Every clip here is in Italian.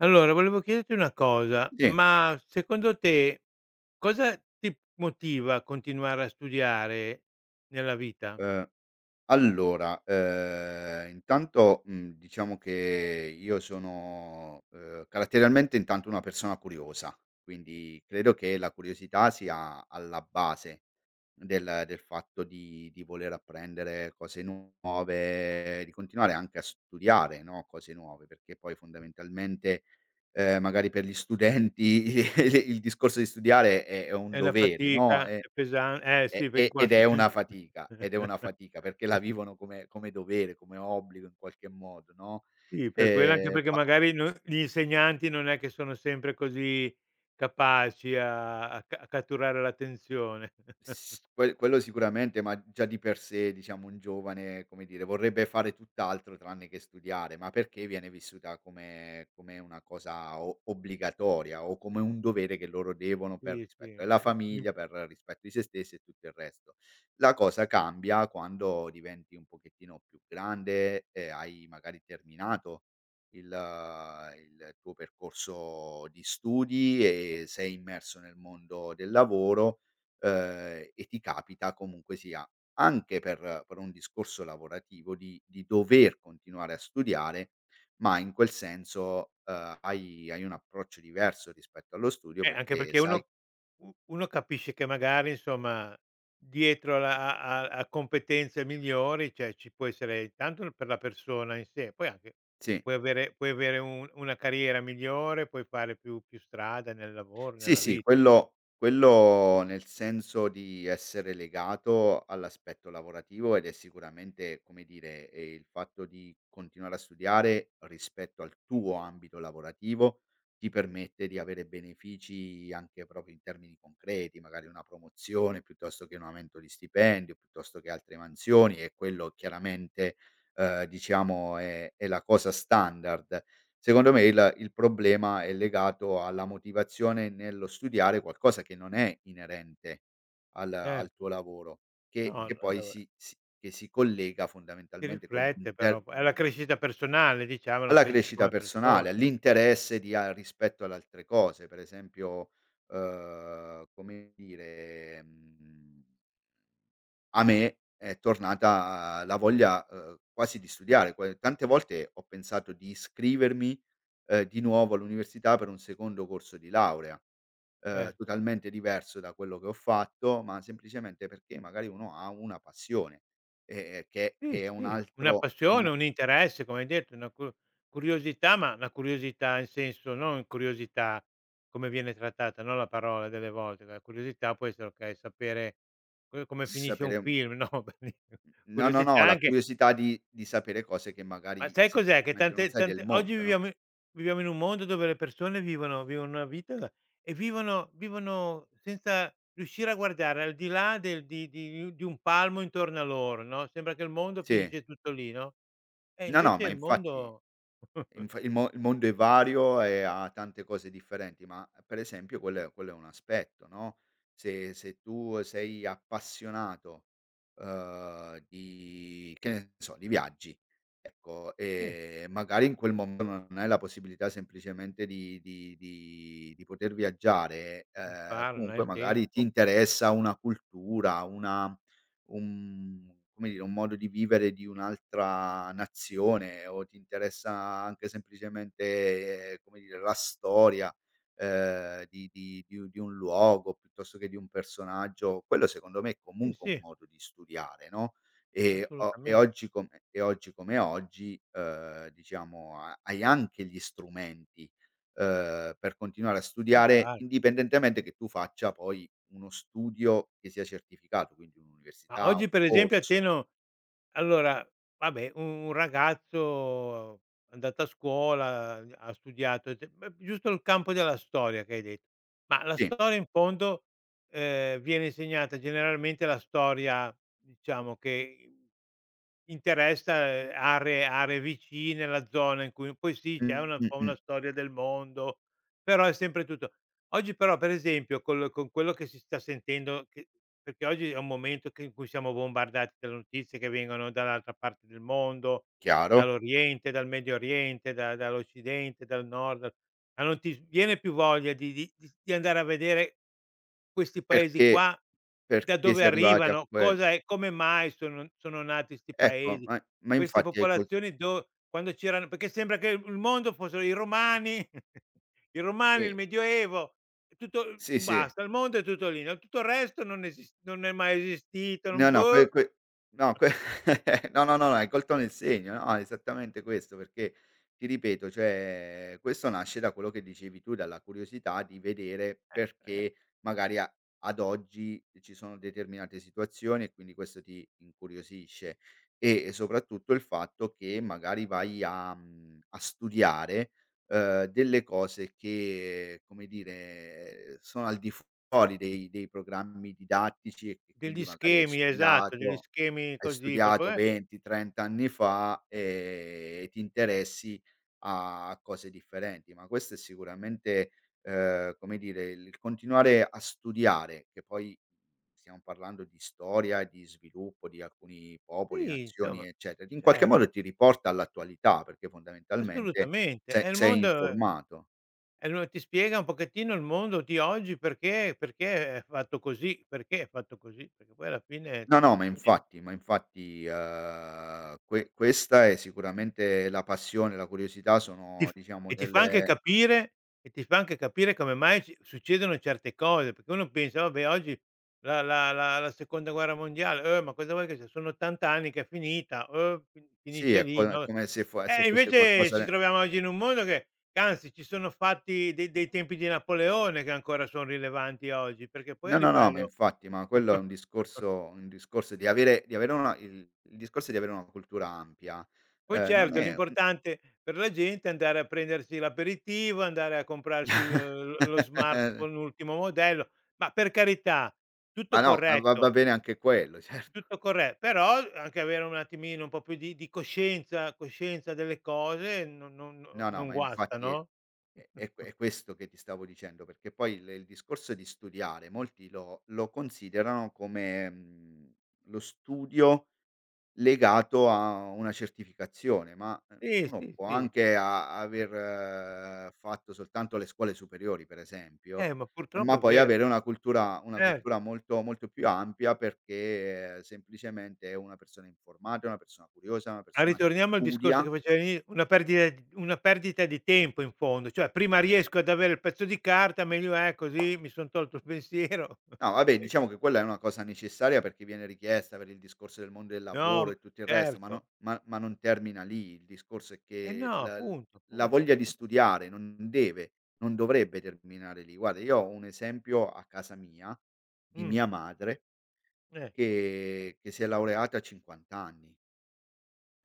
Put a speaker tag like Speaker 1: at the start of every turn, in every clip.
Speaker 1: Allora volevo chiederti una cosa,
Speaker 2: Sì.
Speaker 1: ma secondo te cosa ti motiva a continuare a studiare nella vita?
Speaker 2: Uhm, allora, uhm, intanto, mhmm, diciamo che io sono, uhm, caratterialmente intanto una persona curiosa, quindi credo che la curiosità sia alla base del del fatto di di voler apprendere cose nuove, di continuare anche a studiare, no, cose nuove perché poi fondamentalmente, uhm, magari per gli studenti i il discorso di studiare è è un
Speaker 1: È la
Speaker 2: dovere no,
Speaker 1: fatica,
Speaker 2: ehm,
Speaker 1: è pesan eh
Speaker 2: e
Speaker 1: sì ve in
Speaker 2: e ed
Speaker 1: quanto
Speaker 2: è una fatica ed è una fatica perché la vivono come come dovere, come obbligo in qualche modo, no,
Speaker 1: Sì per quello anche
Speaker 2: ehm,
Speaker 1: perché
Speaker 2: ma
Speaker 1: magari non gli insegnanti non è che sono sempre così capaci a a c a catturare l'attenzione.
Speaker 2: S quel quello sicuramente, ma già di per sé, diciamo, un giovane, come dire, vorrebbe fare tutt'altro tranne che studiare, ma perché viene vissuta come come una cosa o obbligatoria o come un dovere, che loro devono per
Speaker 1: Sì,
Speaker 2: rispetto
Speaker 1: sì.
Speaker 2: della
Speaker 1: M mi
Speaker 2: famiglia, per rispetto di se stessi e tutto il resto. La cosa cambia quando diventi un pochettino più grande e hai magari terminato il il tuo percorso di studi e sei immerso nel mondo del lavoro, uhm, e ti capita comunque sia, anche per per un discorso lavorativo, di di dover continuare a studiare, ma in quel senso, uhm, hai hai un approccio diverso, rispetto allo studio
Speaker 1: Eh anche
Speaker 2: perché
Speaker 1: perché
Speaker 2: sai
Speaker 1: uno u uno capisce che magari insomma dietro la a a a competenze migliori, cioè ci può essere, intanto per la persona in sé poi anche
Speaker 2: Sì.
Speaker 1: puoi avere puoi avere un una carriera migliore, puoi fare più più strada nel lavoro,
Speaker 2: Sì,
Speaker 1: nella
Speaker 2: sì
Speaker 1: vita inso
Speaker 2: quello quello, nel senso di essere legato all'aspetto lavorativo, ed è sicuramente come dire, ehm, il fatto di continuare a studiare rispetto al tuo ambito lavorativo ti permette di avere benefici, anche proprio in termini concreti, magari una promozione piuttosto che un aumento di stipendio, piuttosto che altre mansioni e quello chiaramente, uhm, diciamo è è la cosa standard. Secondo me il il problema è legato alla motivazione nello studiare qualcosa che non è inerente al al tuo
Speaker 1: Certo.
Speaker 2: lavoro che
Speaker 1: No,
Speaker 2: che poi
Speaker 1: allora
Speaker 2: si si che si collega
Speaker 1: si
Speaker 2: fondamentalmente con m
Speaker 1: riflette
Speaker 2: l'intern
Speaker 1: però po è la crescita personale, diciamo la
Speaker 2: Alla
Speaker 1: crescita
Speaker 2: crescita
Speaker 1: come persona.
Speaker 2: personale, all'interesse di a rispetto alle altre cose, per esempio, uhm, come dire, mhmm a me è tornata la voglia, uhm, quasi di studiare, poi tante volte ho pensato di iscrivermi, ehm, di nuovo all'università, per un secondo corso di laurea, uhm,
Speaker 1: Cer
Speaker 2: totalmente diverso da quello che ho fatto, ma semplicemente perché magari uno ha una passione e e che
Speaker 1: Sì,
Speaker 2: che è un
Speaker 1: sì, una
Speaker 2: altro è un
Speaker 1: passione, un interesse, come hai detto, una cur curiosità, ma una curiosità, in senso, no in curiosità come viene trattata, no, la parola delle volte, la curiosità può essere, okay, sapere co come finisce un
Speaker 2: Sapere
Speaker 1: film, no, belin
Speaker 2: N no, no,
Speaker 1: curiosità
Speaker 2: no la
Speaker 1: anche,
Speaker 2: curiosità
Speaker 1: ehm
Speaker 2: di di sapere cose che
Speaker 1: Ma
Speaker 2: magari
Speaker 1: sai
Speaker 2: s
Speaker 1: cos'è? Che
Speaker 2: immagino non
Speaker 1: tante
Speaker 2: sai del
Speaker 1: tante oggi
Speaker 2: mondo, no?
Speaker 1: viviamo in viviamo in un mondo dove le persone vivono vivono una vita e vivono vivono senza riuscire a guardare al di là del di di un di un palmo intorno a loro no, sembra che il mondo
Speaker 2: Sì.
Speaker 1: finisce tutto lì no, e
Speaker 2: No, no,
Speaker 1: invece
Speaker 2: ma
Speaker 1: il
Speaker 2: infatti
Speaker 1: mondo
Speaker 2: inf il mo il mondo è vario e ha tante cose differenti. Ma per esempio quello è quello è un aspetto, no? Se se tu sei appassionato, uhm, di, che ne so, di viaggi, ecco,
Speaker 1: Sì.
Speaker 2: e magari in quel mom non hai la possibilità semplicemente di di di di poter viaggiare,
Speaker 1: [unintelligible]
Speaker 2: uhm, comunque
Speaker 1: nel
Speaker 2: magari ti
Speaker 1: tempo.
Speaker 2: interessa una cultura, una un come dire, un modo di vivere di un'altra nazione o ti interessa anche semplicemente, come dire, la storia, uhm, di di di un di un luogo, piuttosto che di un personaggio, quello secondo me è
Speaker 1: Sì,
Speaker 2: comunque un
Speaker 1: sì.
Speaker 2: modo di studiare, no, e o e
Speaker 1: Assolutamente.
Speaker 2: oggi come e oggi come oggi, uhm, diciamo ha hai anche gli strumenti, uhm, per continuare a
Speaker 1: Per
Speaker 2: studiare,
Speaker 1: fare.
Speaker 2: indipendentemente che tu faccia poi uno studio che sia certificato, quindi
Speaker 1: Ma
Speaker 2: un'università, un
Speaker 1: oggi per esempio a te
Speaker 2: corso.
Speaker 1: no allora vabbè u un ragazzo andato a scuola ha studiato e te uhm, giusto il campo della storia che hai de ma la
Speaker 2: Sì.
Speaker 1: storia in fondo, ehm, viene insegnata generalmente la storia diciamo che in interessa aree aree vicine la zona in cui poi sì c'è
Speaker 2: Mh,
Speaker 1: una un
Speaker 2: mh,
Speaker 1: po'
Speaker 2: mh.
Speaker 1: una storia del mondo però è sempre tutto oggi però per esempio col con quello che si sta sentendo che perché oggi è un momento che in cui siamo bombardati dalle notizie che vengono dall'altra parte del mondo,
Speaker 2: Chiaro.
Speaker 1: dall'oriente, dal Medio Oriente, da dall'occidente, dal nord, ma non ti s viene più voglia di di di s di andare a vedere questi paesi
Speaker 2: Perché
Speaker 1: qua, da
Speaker 2: perché si
Speaker 1: dove
Speaker 2: è arrivati a
Speaker 1: arrivano
Speaker 2: que
Speaker 1: cosa è come mai sono sono nati 'sti
Speaker 2: Ecco,
Speaker 1: paesi,
Speaker 2: eh, ma
Speaker 1: queste
Speaker 2: infatti è il con
Speaker 1: popolazioni do quando c'erano perché sembra che il m mondo fossero i Romani i Romani, il
Speaker 2: Sì.
Speaker 1: Medioevo è tutto
Speaker 2: Sì, sì.
Speaker 1: basta, il mondo è tutto lì, no tutto il resto non esist non è mai esistito,
Speaker 2: No,
Speaker 1: non
Speaker 2: no, quel
Speaker 1: boh.
Speaker 2: quel no quel no, no, no hai colto nel segno, no, esattamente questo, perché ti ripeto, cioè, questo nasce da quello che dicevi tu, dalla curiosità di vedere,
Speaker 1: Eh,
Speaker 2: perché magari a ad oggi ci sono determinate situazioni e quindi questo ti incuriosisce e soprattutto il fatto che magari vai a mhmm, a studiare, uhm, delle cose che, come dire, ehm, sono al di fuori dei dei programmi didattici e che
Speaker 1: Degli
Speaker 2: quindi magari hai
Speaker 1: schemi, esatto degli
Speaker 2: studiato
Speaker 1: schemi
Speaker 2: hai
Speaker 1: così proprio
Speaker 2: studiato
Speaker 1: eh
Speaker 2: 20, 30 anni fa e ti interessi a cose differenti, ma questo è sicuramente, uhm, come dire, il continuare a studiare; che poi stiamo parlando di storia e di sviluppo di alcuni popoli,
Speaker 1: Sì,
Speaker 2: nazioni,
Speaker 1: insomma,
Speaker 2: eccetera, che in qualche
Speaker 1: cert
Speaker 2: modo ti riporta all'attualità, perché fondamentalmente
Speaker 1: Assolutamente, è
Speaker 2: se
Speaker 1: il
Speaker 2: sei
Speaker 1: mondo
Speaker 2: informato.
Speaker 1: è loa ti spiega un pochettino il mondo di oggi, perché perché è fatto così, perché è fatto così, perché poi alla fine è
Speaker 2: No, no, ma
Speaker 1: così.
Speaker 2: infatti ma infatti, uhm, que questa è sicuramente la passione, la curiosità
Speaker 1: Ti
Speaker 2: sono
Speaker 1: f
Speaker 2: diciamo
Speaker 1: e ti fa anche
Speaker 2: delle
Speaker 1: capire e ti fa anche capire come mai si succedono certe cose, perché uno pensa: "Vabbè oggi la la la la Seconda Guerra Mondiale, uh, ma cosa vuoi che sia sono 80 anni che è finita". Uh, fin
Speaker 2: Sì
Speaker 1: finisce
Speaker 2: è
Speaker 1: lì
Speaker 2: co
Speaker 1: no,
Speaker 2: come se fo se
Speaker 1: eh
Speaker 2: fosse
Speaker 1: invece
Speaker 2: qualcosa
Speaker 1: ci
Speaker 2: ne
Speaker 1: troviamo oggi in un mondo che che anzi ci sono fatti dei dei tempi di Napoleone che ancora son rilevanti a oggi, perché poi a
Speaker 2: No, no, no ma
Speaker 1: livello
Speaker 2: infatti ma quello è un discorso un discorso di avere di avere una il il discorso di avere una cultura ampia,
Speaker 1: Poi
Speaker 2: uhm, non
Speaker 1: certo
Speaker 2: è un
Speaker 1: l'importante per la gente è andare a prendersi l'aperitivo, andare a comprarsi l lo lo smartphone, l'ultimo modello, ma per carità tutto
Speaker 2: Ma no, va va
Speaker 1: corretto
Speaker 2: bene anche quello, certo.
Speaker 1: tutto corre però anche avere un attimino un po' più di di coscienza, coscienza delle cose, non non
Speaker 2: No, no,
Speaker 1: non
Speaker 2: ma
Speaker 1: guasta,
Speaker 2: infatti è
Speaker 1: no?
Speaker 2: è q è questo che ti stavo dicendo, perché poi le il discorso di studiare molti lo lo considerano come, mhmm, lo studio legato a una certificazione, ma
Speaker 1: Sì,
Speaker 2: uno
Speaker 1: sì,
Speaker 2: può
Speaker 1: sì.
Speaker 2: anche a aver fatto soltanto le scuole superiori, per esempio,
Speaker 1: Eh, ma purtroppo
Speaker 2: ma
Speaker 1: è
Speaker 2: poi
Speaker 1: vero.
Speaker 2: avere una cultura una
Speaker 1: Certo.
Speaker 2: cultura molto molto più ampia, perché semplicemente è una persona informata, è una persona curiosa, è una
Speaker 1: Ma
Speaker 2: persona che
Speaker 1: ritorniamo al discorso che
Speaker 2: studia.
Speaker 1: facevo all'ini una perdita d una perdita di tempo in fondo, cioè: "Prima riesco ad avere il pezzo di carta meglio è, così mi son tolto il pensiero".
Speaker 2: No vabbè,
Speaker 1: E
Speaker 2: diciamo che quella è una cosa necessaria, perché viene richiesta per il discorso del mond del lavoro
Speaker 1: No
Speaker 2: e tutto il resto, ma
Speaker 1: certo.
Speaker 2: no ma ma non termina lì; il discorso è
Speaker 1: Eh
Speaker 2: che
Speaker 1: no
Speaker 2: la
Speaker 1: appunto
Speaker 2: la
Speaker 1: appunto,
Speaker 2: voglia di
Speaker 1: appun
Speaker 2: studiare non non deve non dovrebbe terminare lì. Guarda io ho un esempio a casa mia, di
Speaker 1: Mh.
Speaker 2: mia madre
Speaker 1: Ecco.
Speaker 2: che che si è laureata a 50 anni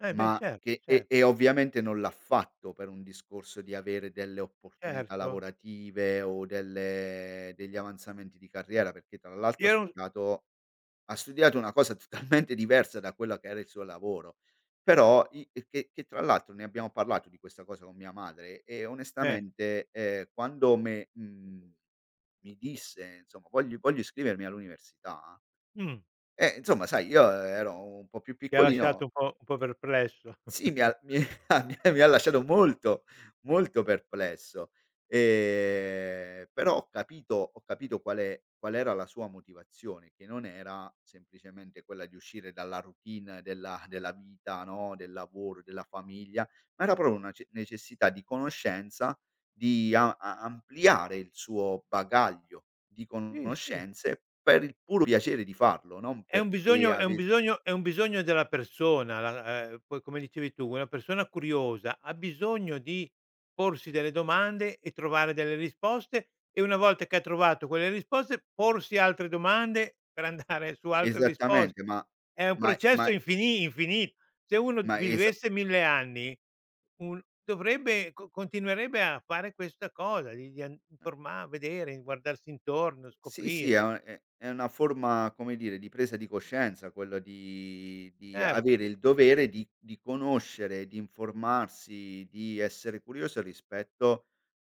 Speaker 1: Eh beh
Speaker 2: ma
Speaker 1: certo,
Speaker 2: che
Speaker 1: cer
Speaker 2: e e ovviamente non l'ha fatto per un discorso di avere delle opportunità
Speaker 1: Certo.
Speaker 2: lavorative o delle degli avanzamenti di carriera, perché tra l'altro
Speaker 1: Io
Speaker 2: ha
Speaker 1: è un
Speaker 2: studiato ha studiato una cosa totalmente diversa da quella che era il suo lavoro, però i e che che tra l'altro ne abbiamo parlato di questa cosa con mia madre e
Speaker 1: Eh.
Speaker 2: onestamente, ehm, quando me mhmm, mi disse: "Insomma voglio voglio iscrivermi all'università".
Speaker 1: Mh.
Speaker 2: Eh insomma sai io ero un po' più
Speaker 1: Ti ha lasciato
Speaker 2: piccolino.
Speaker 1: un po' un po' perplesso.
Speaker 2: Sì mi ha mi ha mi ha lasciato molto, molto perplesso, ehm, però ho capito ho capito qual'è qual era la sua motivazione, che non era semplicemente quella di uscire dalla routine della della vita no, del lavoro, della famiglia ma era proprio una ce necessità di conoscenza di a a ampliare il suo bagaglio di
Speaker 1: Sì, sì.
Speaker 2: conoscenze per il puro piacere di farlo, non
Speaker 1: È un
Speaker 2: perché
Speaker 1: bisogno è un
Speaker 2: avess
Speaker 1: bisogno è un bisogno della persona la uhm, poi come dicevi tu una persona curiosa ha bisogno di porsi delle domande e trovare delle risposte e una volta che ha trovato quelle risposte, porsi altre domande per andare su altre risposte.
Speaker 2: Esattamente ma
Speaker 1: È un
Speaker 2: ma è
Speaker 1: processo
Speaker 2: ma
Speaker 1: infini infini se uno
Speaker 2: Ma esa
Speaker 1: vivesse 1000 anni un dovrebbe con continuerebbe a fare questa cosa di di and di informar vedere, guardarsi intorno,
Speaker 2: Sì, sì, è
Speaker 1: scoprire.
Speaker 2: una è è una forma, come dire, di presa di coscienza quella di di
Speaker 1: Certo.
Speaker 2: avere il dovere di di conoscere, di informarsi, di essere curioso rispetto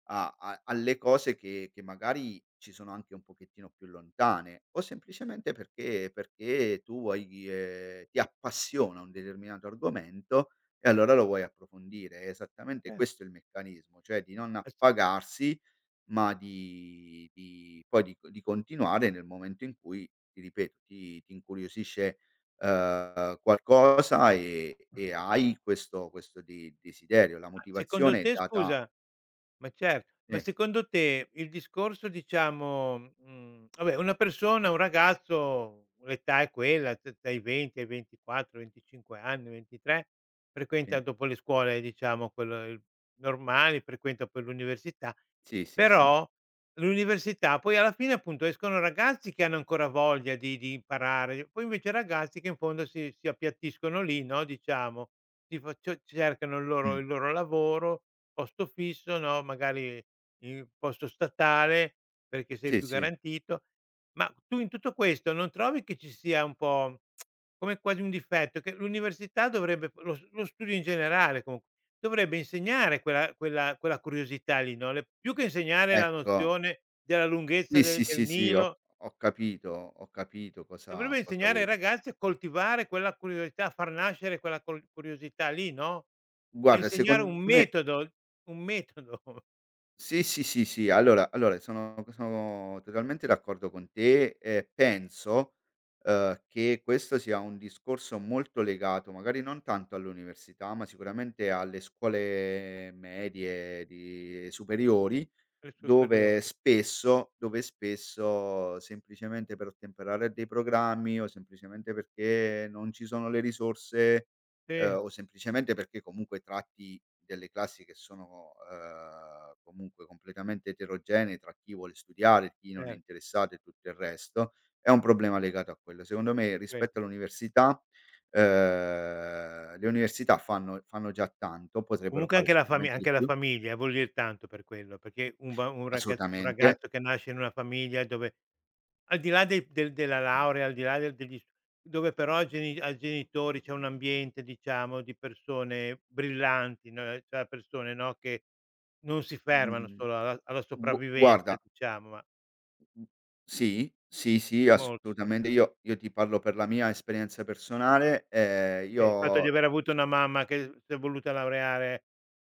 Speaker 2: a a alle cose che che magari ci sono anche un pochettino più lontane o semplicemente perché perché tu vuoi dire ti appassiona un determinato argomento e allora lo vuoi approfondire, è esattamente
Speaker 1: Cert
Speaker 2: questo il meccanismo, cioè di non
Speaker 1: Ass
Speaker 2: appagarsi ma di di poi di co di continuare nel momento in cui ti ripeto, ti ti incuriosisce, uhm, qualcosa e
Speaker 1: Mh.
Speaker 2: e hai questo questo de desiderio. La
Speaker 1: Ma secondo
Speaker 2: motivazione è
Speaker 1: te
Speaker 2: data
Speaker 1: scusa ma certo, ma
Speaker 2: Sì.
Speaker 1: secondo te il discorso diciamo, mhmm, vabbè una persona un ragazzo l'età è quella d dai 20 ai 24, 25 anni, 23 frequenta,
Speaker 2: Sì.
Speaker 1: dopo le scuole diciamo quello i normali, frequenta poi l'università,
Speaker 2: Sì, sì, sì.
Speaker 1: però l'università, poi alla fine appunto escono ragazzi che hanno ancora voglia di di imparare poi invece ragazzi che in fondo si si appiattiscono lì no, diciamo tifo cio cercano il loro
Speaker 2: Mh.
Speaker 1: il loro lavoro, posto fisso no, magari il posto statale, perché sei
Speaker 2: Sì,
Speaker 1: più
Speaker 2: sì.
Speaker 1: garantito, ma tu in tutto questo non trovi che ci sia un po' come, quasi un difetto che l'università dovrebbe lo lo studio in generale comu dovrebbe insegnare quella quella quella curiosità lì no, le più che insegnare la
Speaker 2: Ecco
Speaker 1: nozione della lunghezza
Speaker 2: Sì, sì,
Speaker 1: del del
Speaker 2: sì, sì, ho
Speaker 1: Nilo.
Speaker 2: ho capito, ho capito cosa
Speaker 1: Dovrebbe
Speaker 2: cosa
Speaker 1: insegnare ai
Speaker 2: vuoi dire.
Speaker 1: ragazzi a coltivare quella curiosità, a far nascere quella col curiosità lì no, a
Speaker 2: Guarda
Speaker 1: insegnare un
Speaker 2: secondo me
Speaker 1: metodo, un metodo.
Speaker 2: Sì, sì, sì, sì, allora allora sono sono totalmente d'accordo con te e penso, uhm, che questo sia un discorso molto legato, magari non tanto all'università, ma sicuramente alle scuole medie di superiori
Speaker 1: Le
Speaker 2: dove
Speaker 1: superiori.
Speaker 2: spesso dove spesso semplicemente per ottemperare a dei programmi o semplicemente perché non ci sono le risorse, uhm,
Speaker 1: Sì.
Speaker 2: o semplicemente perché comunque tratti delle classi che sono, uhm, comunque completamente eterogenee, tra chi vuole studiare, chi non è
Speaker 1: Cer
Speaker 2: interessato e tutto il resto, è un problema legato a quello, secondo me
Speaker 1: Vero.
Speaker 2: rispetto all'università, uhm, le università fanno fanno già tanto, potrebbero
Speaker 1: Comunque
Speaker 2: fare
Speaker 1: anche la fam
Speaker 2: sicuramente di
Speaker 1: anche la
Speaker 2: più.
Speaker 1: famiglia vuol dire tanto per quello perché un bam un ragaz un
Speaker 2: Assolutamente.
Speaker 1: ragazzo che nasce in una famiglia dove al di là dei del della laurea, al di là del degli s dove però ai geni ai genitori, c'è un ambiente diciamo di persone brillanti, no, cioè persone no, che non si fermano
Speaker 2: Mhmm,
Speaker 1: solo alla alla
Speaker 2: gu
Speaker 1: sopravvivenza
Speaker 2: guarda
Speaker 1: diciamo ma
Speaker 2: Mhmm, sì, sì, sì
Speaker 1: È molto
Speaker 2: assolutamente
Speaker 1: importan
Speaker 2: io io ti parlo per la mia esperienza personale, ehm, io
Speaker 1: Okay, il fatto di
Speaker 2: ho
Speaker 1: aver avuto
Speaker 2: [unintelligible]
Speaker 1: una mamma che s'è voluta laureare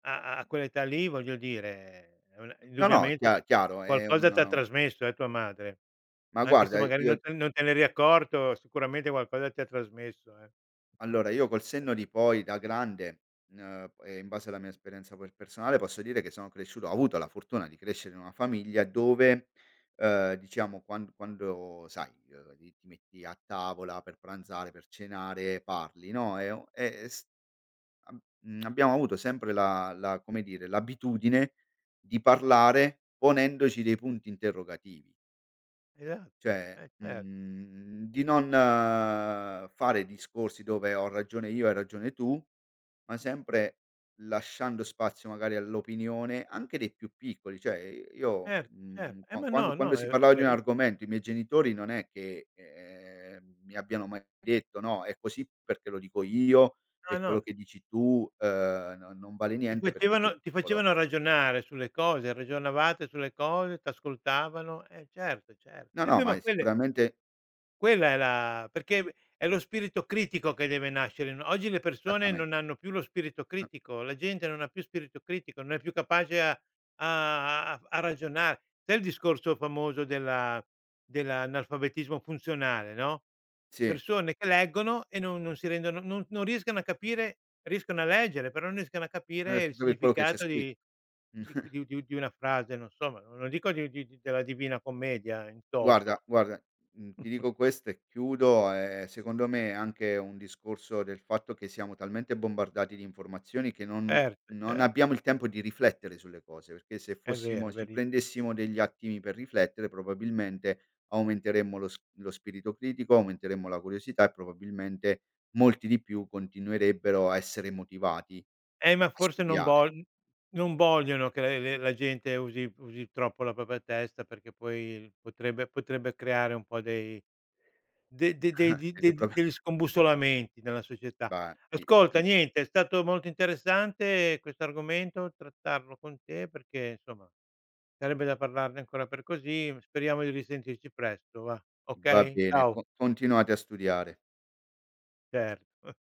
Speaker 1: a a quell'età lì, voglio dire è una
Speaker 2: No, no,
Speaker 1: indubbiamente
Speaker 2: chia chiaro è
Speaker 1: qualcosa t'ha
Speaker 2: un
Speaker 1: trasmesso, eh, tua madre
Speaker 2: Ma
Speaker 1: anche se
Speaker 2: guarda
Speaker 1: magari non
Speaker 2: io
Speaker 1: te non te n'eri accorto, sicuramente qualcosa ti ha trasmesso, eh.
Speaker 2: Allora io col senno di poi da grande n uhm, e in base alla mia esperienza per personale posso dire che sono cresciuto ho avuto la fortuna di crescere in una famiglia dove, uhm, diciamo quan quando sai, ehm, lì ti metti a tavola per pranzare, per cenare, parli, no, e o e e s abb mhmm, abbiamo avuto sempre la la come dire, l'abitudine di parlare ponendoci dei punti interrogativi.
Speaker 1: Esatto,
Speaker 2: Cioè,
Speaker 1: eh cer
Speaker 2: mhmm, di non fare discorsi dove "ho ragione io, hai ragione tu", ma sempre lasciando spazio magari all'opinione anche dei più piccoli, cioè i io
Speaker 1: Certo, cer
Speaker 2: mhmm,
Speaker 1: Eh
Speaker 2: qua
Speaker 1: ma no,
Speaker 2: quando
Speaker 1: no
Speaker 2: si
Speaker 1: è
Speaker 2: parlava di un
Speaker 1: veri
Speaker 2: argomento i miei genitori non è che, ehm, mi abbiano mai detto: "No è così perché lo dico io
Speaker 1: No,
Speaker 2: e quello
Speaker 1: no.
Speaker 2: che dici tu, uhm, n non vale
Speaker 1: Ti
Speaker 2: niente perché sei
Speaker 1: facevano ti
Speaker 2: piccolo".
Speaker 1: facevano ragionare sulle cose, ragionavate sulle cose, t'ascoltavano, eh, certo, certo
Speaker 2: No,
Speaker 1: e
Speaker 2: no
Speaker 1: beh
Speaker 2: ma
Speaker 1: ma
Speaker 2: è
Speaker 1: quelle
Speaker 2: sicuramente
Speaker 1: Quella è la perché è lo spirito critico che deve nascere no, oggi le persone
Speaker 2: Esattame
Speaker 1: non hanno più lo spirito
Speaker 2: Uh
Speaker 1: critico, la gente non ha più spirito critico, non è più capace a a a a ragionare. Sai il discorso famoso della dell'analfabetismo funzionale, no,
Speaker 2: Sì.
Speaker 1: persone che leggono e non non si rendono non non riescono a capire, riescono a leggere però n riescono a
Speaker 2: E
Speaker 1: capire il
Speaker 2: [unintelligible] quello che c'è
Speaker 1: significato
Speaker 2: scritto.
Speaker 1: di qu di u di u di una frase, non so, ma non lo dico di di di della Divina Commedia in toto.
Speaker 2: Guarda guarda, mhmm, ti dico questo e chiudo, ehm, secondo me è anche un discorso del fatto che siamo talmente bombardati d'informazioni che non
Speaker 1: Certo,
Speaker 2: non
Speaker 1: cer
Speaker 2: abbiamo il tempo di riflettere sulle cose perché se
Speaker 1: È vero, è
Speaker 2: fossimo ci
Speaker 1: verissimo.
Speaker 2: prendessimo degli attimi per riflettere, probabilmente, aumenteremmo lo s lo spirito critico, aumenteremmo la curiosità e, probabilmente, molti di più continuerebbero a essere motivati
Speaker 1: Eh ma
Speaker 2: a
Speaker 1: forse non
Speaker 2: studiare.
Speaker 1: vogl non vogliono che la le le la gente usi usi troppo la propria testa, perché poi potrebbe potrebbe creare un po' dei de de degli de
Speaker 2: [unintelligible]
Speaker 1: degli scombussolamenti nella società.
Speaker 2: Fatti
Speaker 1: Ascolta,
Speaker 2: i
Speaker 1: niente, è stato molto interessante questo argomento, trattarlo con te perché, insomma, sarebbe da parlarne ancora per così speriamo di risentirci presto và,
Speaker 2: Va
Speaker 1: okay?
Speaker 2: bene
Speaker 1: Ciao.
Speaker 2: con continuate a studiare.
Speaker 1: Certo.